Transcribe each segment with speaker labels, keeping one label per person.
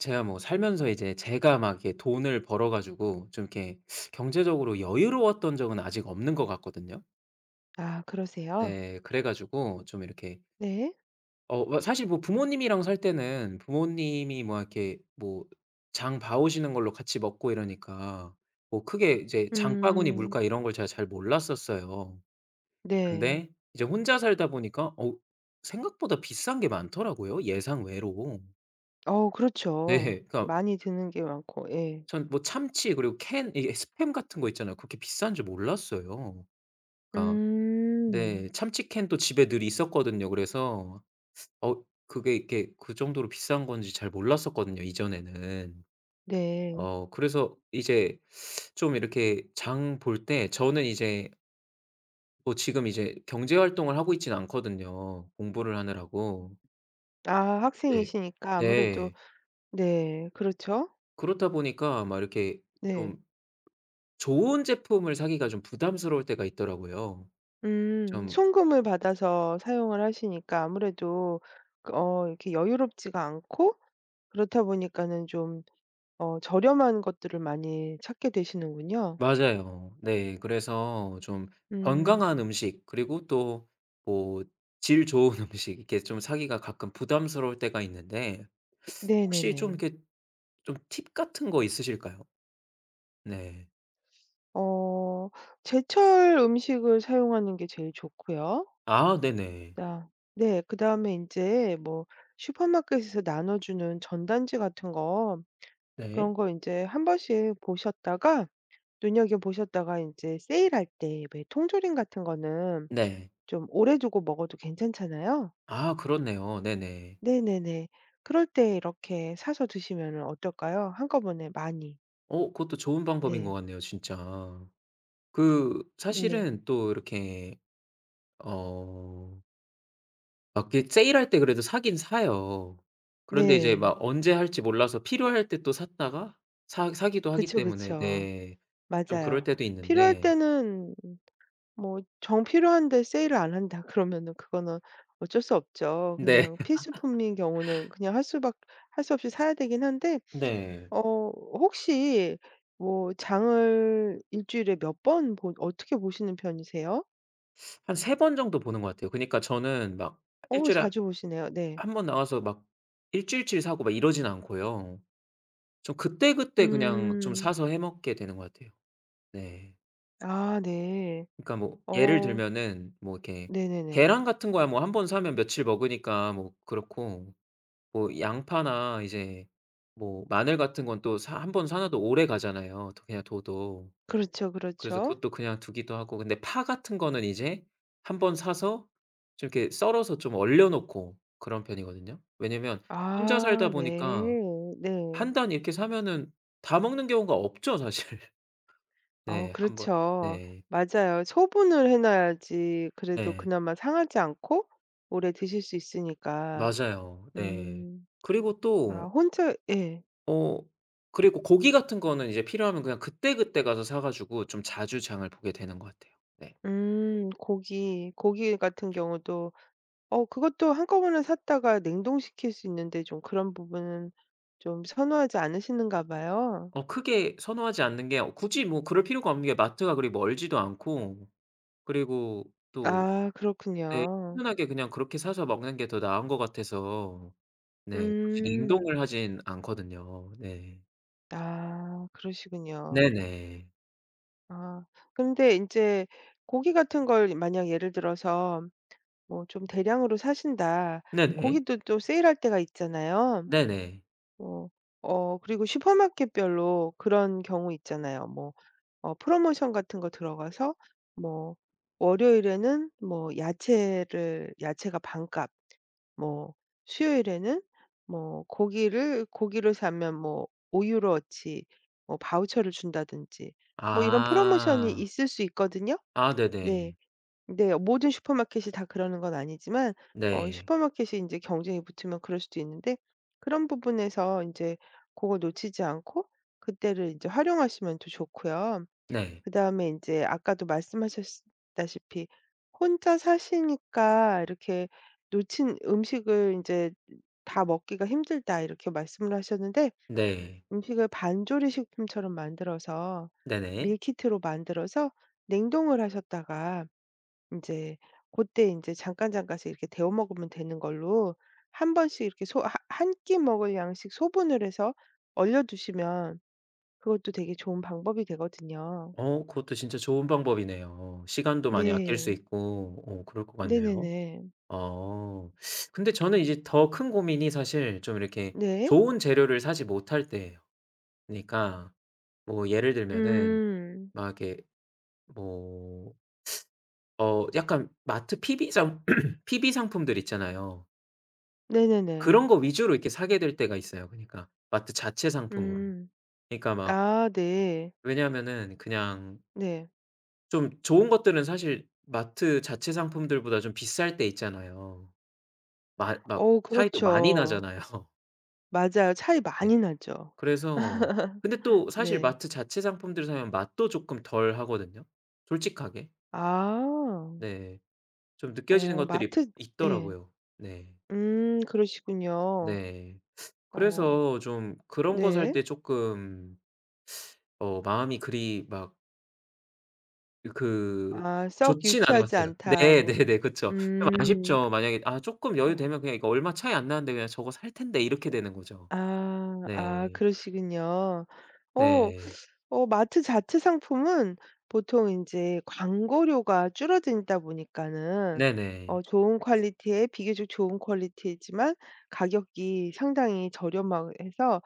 Speaker 1: 제가 뭐 살면서 이제 제가 막 이렇게 돈을 벌어 가지고 좀 이렇게 경제적으로 여유로웠던 적은 아직 없는 것 같거든요.
Speaker 2: 아 그러세요?
Speaker 1: 네 그래 가지고 좀 이렇게
Speaker 2: 네.
Speaker 1: 어 뭐 사실 뭐 부모님이랑 살 때는 부모님이 뭐 이렇게 뭐 장 봐 오시는 걸로 같이 먹고 이러니까 뭐 크게 이제 장바구니 물가
Speaker 2: 음.
Speaker 1: 이런 걸 제가 잘 몰랐었어요.
Speaker 2: 네.
Speaker 1: 근데 이제 혼자 살다 보니까 어 생각보다 비싼 게 많더라고요 예상외로.
Speaker 2: 어
Speaker 1: 네.
Speaker 2: 그렇죠.
Speaker 1: 그러니까
Speaker 2: 많이 드는 게 많고 예.
Speaker 1: 전 뭐 참치 그리고 캔 이게 스팸 같은 거 있잖아요. 그렇게 비싼 줄 몰랐어요. 그러니까
Speaker 2: 음.
Speaker 1: 네 참치 캔도 집에 늘 있었거든요. 그래서 어 그게 이렇게 그 정도로 비싼 건지 잘 몰랐었거든요 이전에는.
Speaker 2: 네.
Speaker 1: 어 그래서 이제 좀 이렇게 장 볼 때 저는 이제 뭐 지금 이제 경제 활동을 하고 있진 않거든요 공부를 하느라고.
Speaker 2: 아
Speaker 1: 네.
Speaker 2: 학생이시니까 아무래도
Speaker 1: 네.
Speaker 2: 네 그렇죠?
Speaker 1: 그렇다 보니까 막 이렇게
Speaker 2: 네.
Speaker 1: 좀 좋은 제품을 사기가 좀 부담스러울 때가 있더라고요.
Speaker 2: 음
Speaker 1: 좀
Speaker 2: 송금을 받아서 사용을 하시니까 아무래도 어 이렇게 여유롭지가 않고 그렇다 보니까는 좀 어 저렴한 것들을 많이 찾게 되시는군요.
Speaker 1: 맞아요. 네. 그래서 좀
Speaker 2: 음.
Speaker 1: 건강한 음식 그리고 또 뭐 질 좋은 음식 이렇게 좀 사기가 가끔 부담스러울 때가 있는데 혹시 좀
Speaker 2: 네네네.
Speaker 1: 이렇게 좀 팁 같은 거 있으실까요? 네.
Speaker 2: 어, 제철 음식을 사용하는 게 제일 좋고요.
Speaker 1: 아, 네네.
Speaker 2: 나 네. 그다음에 인제 뭐 슈퍼마켓에서 나눠주는 전단지 같은 거
Speaker 1: 네.
Speaker 2: 그런 거 인제 한번씩 보셨다가 눈여겨 보셨다가 인제 세일할 때 왜 통조림 같은 거는
Speaker 1: 네.
Speaker 2: 좀 오래 두고 먹어도 괜찮잖아요?
Speaker 1: 아 그렇네요. 네네.
Speaker 2: 네 네 네. 그럴 때 이렇게 사서 드시면은 어떨까요? 한꺼번에 많이.
Speaker 1: 어 그것도 좋은 방법인 것
Speaker 2: 네.
Speaker 1: 같네요. 진짜. 그
Speaker 2: 네.
Speaker 1: 사실은 또 이렇게 어 마켓 세일할 때 그래도 사긴 사요. 그런데 이제
Speaker 2: 네.
Speaker 1: 막 언제 할지 몰라서 필요할 때 또 샀다가 사 사기도 하기
Speaker 2: 그쵸,
Speaker 1: 때문에
Speaker 2: 그쵸.
Speaker 1: 네. 좀 그럴
Speaker 2: 맞아요.
Speaker 1: 때도
Speaker 2: 필요할
Speaker 1: 있는데
Speaker 2: 때는 뭐 정 필요한데 세일을 안 한다 그러면은 그거는 어쩔 수 없죠.
Speaker 1: 네.
Speaker 2: 그냥 필수품인 경우는 그냥 할 수 밖 할 수 없이 사야 되긴 한데
Speaker 1: 네.
Speaker 2: 어, 혹시 뭐 장을 일주일에 몇 번 보 어떻게 보시는 편이세요?
Speaker 1: 한 3 번 정도 보는 것 같아요. 그니까 저는 막 1
Speaker 2: 어
Speaker 1: 주일에
Speaker 2: 자주 오시네요. 네.
Speaker 1: 1 번 나와서 막 1 주일치 사고 막 이러진 않고요. 좀 그때그때 그냥 좀
Speaker 2: 음.
Speaker 1: 사서 해 먹게 되는 것 같아요. 네.
Speaker 2: 아 네.
Speaker 1: 그니까 뭐 예를
Speaker 2: 어.
Speaker 1: 들면은 뭐 이렇게
Speaker 2: 네네네.
Speaker 1: 계란 같은 거야 뭐 1 번 사면 며칠 먹으니까 뭐 그렇고 뭐 양파나 이제 뭐 마늘 같은 건 또 사 1 번 사 놔도 오래가잖아요 도 그냥 둬도.
Speaker 2: 그렇죠,
Speaker 1: 그래서
Speaker 2: 그렇죠.
Speaker 1: 그것도 그냥 두기도 하고 근데 파 같은 거는 이제 한번 사서 좀 이렇게 썰어서 좀 얼려 놓고 그런 편이거든요. 왜냐면 혼자 살다
Speaker 2: 아
Speaker 1: 보니까
Speaker 2: 네. 네.
Speaker 1: 1 단 이렇게 사면은 다 먹는 경우가 없죠 사실.
Speaker 2: 아우
Speaker 1: 네 1 번
Speaker 2: 그렇죠.
Speaker 1: 네.
Speaker 2: 맞아요. 소분을 해 놔야지 그래도
Speaker 1: 네.
Speaker 2: 그나마 상하지 않고 오래 드실 수 있으니까.
Speaker 1: 맞아요. 예.
Speaker 2: 음.
Speaker 1: 그리고
Speaker 2: 아
Speaker 1: 또
Speaker 2: 혼자 예.
Speaker 1: 어 그리고 고기 같은 거는 이제 필요하면 그냥 그때그때 가서 사 가지고 좀 자주 장을 보게 되는 것 같아요. 네.
Speaker 2: 음. 고기, 고기 같은 경우도 어 그것도 한꺼번에 샀다가 냉동시킬 수 있는데 좀 그런 부분은 좀 선호하지 않으시는가 봐요.
Speaker 1: 어 크게 선호하지 않는 게 오 굳이 뭐 그럴 필요가 없는 게 마트가 그리 멀지도 않고 그리고 또
Speaker 2: 아
Speaker 1: 네
Speaker 2: 그렇군요.
Speaker 1: 편하게 그냥 그렇게 사서 먹는 게 더 나은 거 같아서 네 굳이
Speaker 2: 음.
Speaker 1: 냉동을 하진 않거든요. 네.
Speaker 2: 아
Speaker 1: 네
Speaker 2: 그러시군요.
Speaker 1: 네.
Speaker 2: 아 근데 인제 고기 같은 걸 이 만약 예를 들어서 뭐 좀 대량으로 사신다.
Speaker 1: 네 네.
Speaker 2: 고기도 또 세일할 때가 있잖아요.
Speaker 1: 네 네.
Speaker 2: 뭐 어 그리고 슈퍼마켓별로 그런 경우 있잖아요. 뭐 어 프로모션 같은 거 들어가서 뭐 월요일에는 뭐 야채를 야채가 반값 뭐 수요일에는 뭐 고기를 고기를 사면 뭐 5 유로어치 뭐 바우처를 준다든지 뭐 이런 프로모션이
Speaker 1: 아.
Speaker 2: 있을 수 있거든요.
Speaker 1: 아
Speaker 2: 네.
Speaker 1: 네네.
Speaker 2: 네 모든 슈퍼마켓이 다 그러는 건 아니지만 어
Speaker 1: 네.
Speaker 2: 슈퍼마켓이 인제 경쟁이 붙으면 그럴 수도 있는데 그런 부분에서 인제 고걸 놓치지 않고 그때를 인제 활용하시면 더 좋고요.
Speaker 1: 네.
Speaker 2: 그 다음에 인제 아까도 말씀하셨스 다시피 혼자 사시니까 이렇게 "놓친 음식을 인제 다 먹기가 힘들다." 이렇게 말씀을 하셨는데
Speaker 1: 네.
Speaker 2: 음식을 반조리 식품처럼 만들어서
Speaker 1: 네 네.
Speaker 2: 밀키트로 만들어서 냉동을 하셨다가 인제 고때 인제 잠깐잠깐씩 이렇게 데워 먹으면 되는 걸로 한번씩 이렇게 소 하 한 끼 먹을 양씩 소분을 해서 얼려 두시면 그것도 되게 좋은 방법이 되거든요.
Speaker 1: 어 그것도 진짜 좋은 방법이네요. 시간도 많이 아낄 수
Speaker 2: 네.
Speaker 1: 있고 어 그럴 것 같네요.
Speaker 2: 네네네.
Speaker 1: 아 근데 저는 이제 더 큰 고민이 사실 좀 이렇게
Speaker 2: 네.
Speaker 1: 좋은 재료를 사지 못할 때예요. 그니까 뭐 예를 들면은
Speaker 2: 음.
Speaker 1: 막 이렇게 뭐 어 약간 마트 PB 상 PB 상품들 있잖아요.
Speaker 2: 네네네.
Speaker 1: 그런 거 위주로 이렇게 사게 될 때가 있어요. 그러니까 마트 자체 상품으로.
Speaker 2: 음.
Speaker 1: 그러니까 막
Speaker 2: 아, 네.
Speaker 1: 왜냐하면은 그냥
Speaker 2: 네.
Speaker 1: 좀 좋은 것들은 사실 마트 자체 상품들 보다 좀 비쌀 때 있잖아요. 맛 막
Speaker 2: 어,
Speaker 1: 차이도 많이
Speaker 2: 그렇죠.
Speaker 1: 나잖아요.
Speaker 2: 맞아요. 차이
Speaker 1: 네.
Speaker 2: 많이 나죠.
Speaker 1: 그래서 근데 또 사실
Speaker 2: 네.
Speaker 1: 마트 자체 상품들을 사면 맛도 쪼끔 덜하거든요, 솔직하게.
Speaker 2: 아.
Speaker 1: 네, 좀 느껴지는
Speaker 2: 어
Speaker 1: 것들이
Speaker 2: 마트 예.
Speaker 1: 있더라고요. 네.
Speaker 2: 음 그러시군요.
Speaker 1: 네,
Speaker 2: 어
Speaker 1: 그래서 좀 그런 거 살
Speaker 2: 네.
Speaker 1: 때 쪼끔 어 마음이 그리 막 이 그
Speaker 2: 아 썩
Speaker 1: 좋지는 않은 것
Speaker 2: 유쾌하지
Speaker 1: 같아요.
Speaker 2: 않다,
Speaker 1: 네,
Speaker 2: 뭐.
Speaker 1: 네네, 그쵸. 좀
Speaker 2: 음.
Speaker 1: 아쉽죠. 만약에 아 쪼끔 여유
Speaker 2: 어.
Speaker 1: 되면 그냥 이거 얼마 차이 안 나는데 그냥 저거 살 텐데 이렇게 되는 거죠.
Speaker 2: 아, 아,
Speaker 1: 네.
Speaker 2: 그러시군요. 어
Speaker 1: 네.
Speaker 2: 어 마트 자체 상품은 보통 인제 광고료가 줄어들다 보니까는
Speaker 1: 네네.
Speaker 2: 어 좋은 퀄리티에 비교적 좋은 퀄리티이지만 가격이 상당히 저렴하고 해서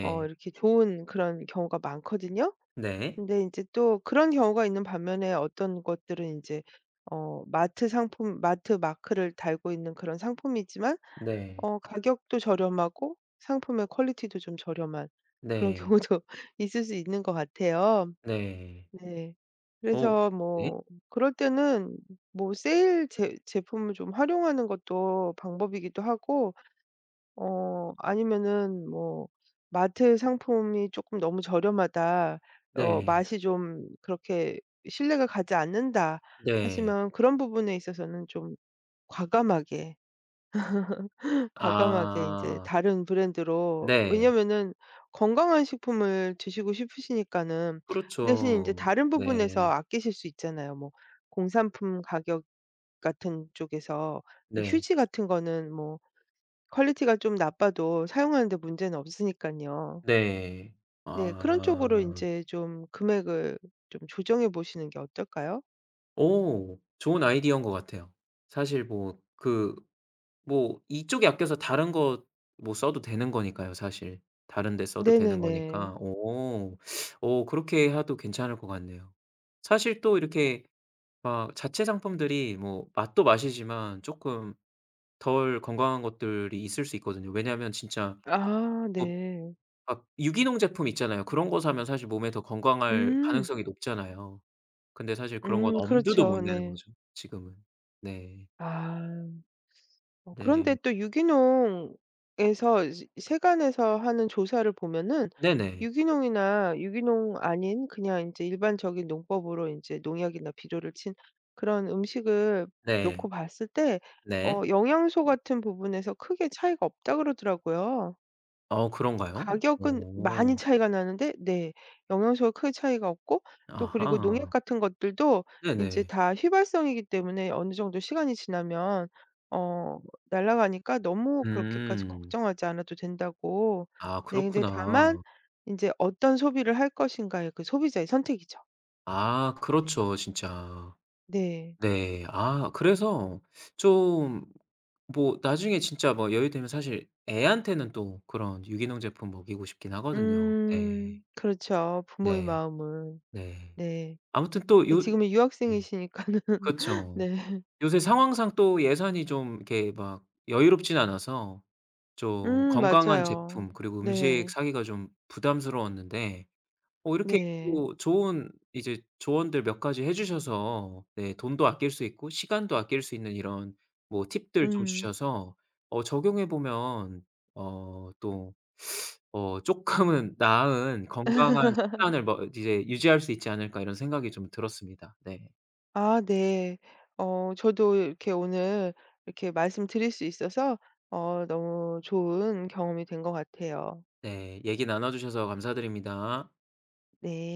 Speaker 2: 어 이렇게 좋은 그런 경우가 많거든요.
Speaker 1: 네.
Speaker 2: 근데 인제 또 그런 경우가 있는 반면에 어떤 것들은 인제 어 마트 상품, 마트 마크를 달고 있는 그런 상품이지만
Speaker 1: 네.
Speaker 2: 어 가격도 저렴하고 상품의 퀄리티도 좀 저렴한 그런
Speaker 1: 네.
Speaker 2: 경우도 있을 수 있는 것 같아요.
Speaker 1: 네.
Speaker 2: 네,
Speaker 1: 어
Speaker 2: 그래서
Speaker 1: 예?
Speaker 2: 뭐 그럴 때는 뭐 세일 제 제품을 좀 활용하는 것도 방법이기도 하고 어 아니면은 뭐 '마트 상품이 쪼끔 너무 저렴하다.', 어
Speaker 1: 네.
Speaker 2: '맛이 좀 그렇게 신뢰가 가지 않는다.'
Speaker 1: 네.
Speaker 2: 하시면 그런 부분에 있어서는 좀 과감하게, 과감하게 인제
Speaker 1: 아.
Speaker 2: 다른 브랜드로,
Speaker 1: 네.
Speaker 2: 왜냐하면은 건강한 식품을 드시고 싶으시니까는 그 대신에 인제
Speaker 1: 그렇죠,
Speaker 2: 다른 부분에서
Speaker 1: 네.
Speaker 2: 아끼실 수 있잖아요. 뭐 공산품 가격 같은 쪽에서 이
Speaker 1: 네.
Speaker 2: 휴지 같은 거는 뭐 퀄리티가 좀 나빠도 사용하는 데 문제는 없으니까요.
Speaker 1: 네.
Speaker 2: 네, 그런 쪽으로
Speaker 1: 아.
Speaker 2: 인제 좀 금액을 좀 조정해 보시는 게 어떨까요?
Speaker 1: 어 좋은 아이디어인 것 같아요. 사실 뭐 그 뭐 이쪽에 아껴서 다른 거 뭐 써도 되는 거니까요, 사실. 다른 데 써도 되는
Speaker 2: 네네네.
Speaker 1: 거니까. 어 어 그렇게 해도 괜찮을 것 같네요. 사실 또 이렇게 막 자체 상품들이 뭐 맛도 맛이지만 쪼끔 덜 건강한 것들이 있을 수 있거든요. 왜냐하면 진짜
Speaker 2: 아,
Speaker 1: 뭐
Speaker 2: 네.
Speaker 1: 막 유기농 제품 있잖아요. 그런 거 사면 사실 몸에 더 건강할
Speaker 2: 음.
Speaker 1: 가능성이 높잖아요. 근데 사실 그런 건
Speaker 2: 음,
Speaker 1: 엄두도 못
Speaker 2: 그렇죠.
Speaker 1: 내는
Speaker 2: 네.
Speaker 1: 거죠, 지금은. 네.
Speaker 2: 아. 어 그런데
Speaker 1: 네.
Speaker 2: 또 유기농에서 이제 세관에서 하는 조사를 보면은
Speaker 1: 네네.
Speaker 2: 유기농이나 유기농 아닌 그냥 인제 일반적인 농법으로 인제 농약이나 비료를 친 그런 음식을 놓고
Speaker 1: 네.
Speaker 2: 봤을 때 어
Speaker 1: 네.
Speaker 2: 영양소 같은 부분에서 크게 차이가 없다 그러더라고요.
Speaker 1: 어 그런가요?
Speaker 2: 가격은 많이
Speaker 1: 어.
Speaker 2: 차이가 나는데 네 영양소가 크게 차이가 없고 또 그리고 농약
Speaker 1: 아하.
Speaker 2: 같은 것들도 인제
Speaker 1: 네네.
Speaker 2: 다 휘발성이기 때문에 어느 정도 시간이 지나면 어 날아가니까 너무 그렇게까지
Speaker 1: 음.
Speaker 2: 걱정하지 않아도 된다고
Speaker 1: 아,
Speaker 2: 네 근데 다만
Speaker 1: 그렇구나.
Speaker 2: 인제 어떤 소비를 할 것인가의 그 소비자의 선택이죠.
Speaker 1: 아
Speaker 2: 네.
Speaker 1: 그렇죠 진짜.
Speaker 2: 네.
Speaker 1: 네. 아 그래서 좀 뭐 나중에 진짜 뭐 여유 되면 사실 애한테는 또 그런 유기농 제품 먹이고 싶긴 하거든요.
Speaker 2: 음.
Speaker 1: 네.
Speaker 2: 그렇죠. 부모의
Speaker 1: 네.
Speaker 2: 마음은.
Speaker 1: 네.
Speaker 2: 네.
Speaker 1: 아무튼 또
Speaker 2: 예
Speaker 1: 요
Speaker 2: 지금은
Speaker 1: 네.
Speaker 2: 유학생이시니까는
Speaker 1: 그쵸.
Speaker 2: 네.
Speaker 1: 요새 상황상 또 예산이 좀 이렇게 막 여유롭진 않아서 좀
Speaker 2: 음,
Speaker 1: 건강한
Speaker 2: 맞아요.
Speaker 1: 제품 그리고 음식
Speaker 2: 네.
Speaker 1: 사기가 좀 부담스러웠는데 어 이렇게
Speaker 2: 네.
Speaker 1: 또 좋은 이제 조언들 몇 가지 해 주셔서 네 돈도 아낄 수 있고 시간도 아낄 수 있는 이런 뭐 팁들 좀
Speaker 2: 음.
Speaker 1: 주셔서 어 적용해 보면 어 또 어' 쪼끔은 나은 건강한 식단을 뭐 이제 유지할 수 있지 않을까.' 이런 생각이 좀 들었습니다. 네.
Speaker 2: 아 네. 어 저도 이렇게 오늘 이렇게 말씀드릴 수 있어서 어 너무 좋은 경험이 된 것 같아요.
Speaker 1: 네, 얘기 나눠 주셔서 감사드립니다.
Speaker 2: 네.